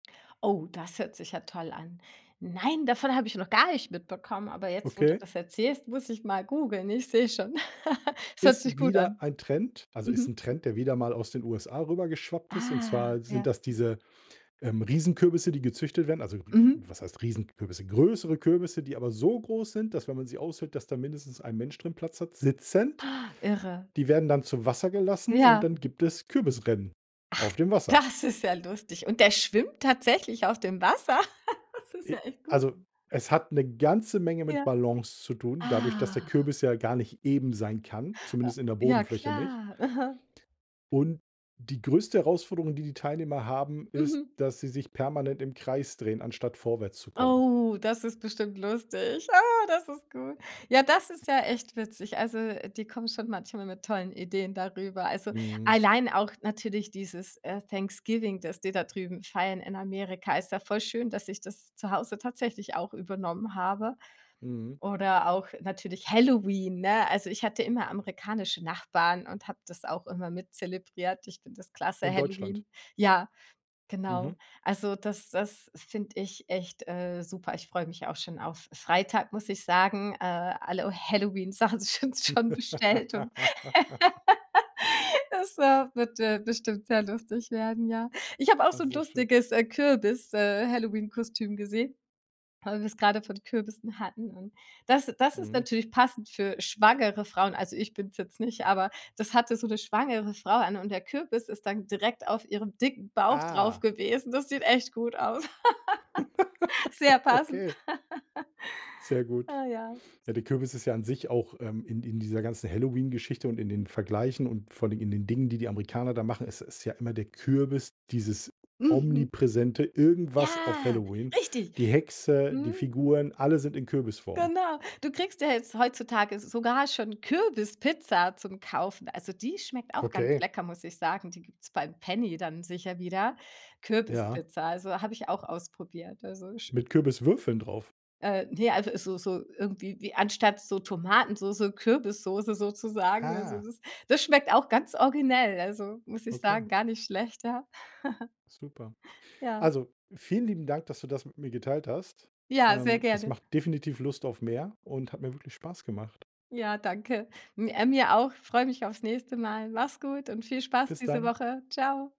Oh, das hört sich ja toll an. Nein, davon habe ich noch gar nicht mitbekommen. Aber jetzt, wo du Okay. das erzählst, muss ich mal googeln. Ich sehe schon, es hört sich Ist gut wieder an. ein Trend also, ist 'n Mhm. Trend, der wieder mal aus den USA rüber geschwappt ist. Und Ah, zwar sind ja. das diese, ähm, Riesenkürbisse, die gezüchtet werden. Also, Mhm. was heißt Riesenkürbisse? Größere Kürbisse, die aber so groß sind, dass, wenn man sie aushöhlt, dass da mindestens ein Mensch drin Platz hat, sitzend! Irre. Die werden dann zu Wasser gelassen und Ja. dann gibt es Kürbis-Rennen Ach, auf dem Wasser. das ist ja lustig. Und der schwimmt tatsächlich auf dem Wasser? Das ist Ja, ja echt gut. also, es hat 'ne ganze Menge mit Ja. Ballons zu tun, dadurch, dass der Ah. Kürbis ja gar nicht eben sein kann, A zumindest in der ja, Bodenfläche nicht. klar. Mhm. Und die größte Herausforderung, die die Teilnehmer haben, ist, Mhm. dass sie sich permanent im Kreis drehen, anstatt vorwärts zu kommen. Oh, das ist bestimmt lustig. Ah, das ist gut. Ja, das ist ja echt witzig. Also, äh, die kommen schon manchmal mit tollen Ideen da rüber. Also, Mhm. allein auch natürlich dieses, äh, Thanksgiving, dass die da drüben feiern in Amerika. Ist ja voll schön, dass ich das zu Hause tatsächlich auch übernommen habe. Mhm. Oder auch natürlich Halloween, ne? Also, ich hatte immer amerikanische Nachbarn und habe das auch immer mit zelebriert. Ich finde das klasse, In Deutschland? Halloween. Ja, genau. Mhm. Also, das das finde ich echt, äh, super. Ich freue mich auch schon auf Freitag, muss ich sagen. Äh, alle Halloween-Sachen sind schon bestellt und das, äh, wird, äh, bestimmt sehr lustig werden, ja. Ich habe auch Ah, so 'n sehr schön. lustiges, äh, Kürbis äh, Halloween-Kostüm gesehen, weil wir das grade von Kürbissen hatten. Das das ist Mhm. natürlich passend für schwangere Frauen. Also, ich bin's jetzt nicht, aber das hatte so 'ne schwangere Frau an und der Kürbis ist dann direkt auf ihrem dicken Bauch drauf Ah. gewesen. Das sieht echt gut aus. Sehr passend. Okay. Sehr gut. Ah, ja. Ja, der Kürbis ist ja an sich auch, ähm, in in dieser ganzen Halloween-Geschichte und in den Vergleichen und vor allem in den Dingen, die die Amerikaner da machen, ist ist ja immer der Kürbis dieses Mhm. omnipräsente Irgendwas auf Ja, Halloween. richtig. Die Hexe, die Mhm. Figuren, alle sind in Kürbisform. Genau. Du kriegst ja jetzt heutzutage s sogar schon Kürbispizza zum Kaufen. Also, die schmeckt auch ganz Okay. lecker, muss ich sagen. Die gibt's beim Penny dann sicher wieder. Ja. Kürbispizza, also, habe ich auch ausprobiert. Also, sch Mit Kürbiswürfeln drauf? Äh, ne, also, so so irgendwie wie anstatt so Tomatensoße, Kürbissoße sozusagen. Also, Ah. das das schmeckt auch ganz originell, also, muss ich Okay. sagen, gar nicht schlechter. Super. Ja. Also, vielen lieben Dank, dass du das mit mir geteilt hast. Ja, sehr Ähm, es gerne. macht definitiv Lust auf mehr und hat mir wirklich Spaß gemacht. Ja, danke. M äh, mir auch, freue mich auf's nächste Mal. Mach's gut und viel Spaß Bis diese dann. Woche. Tschau.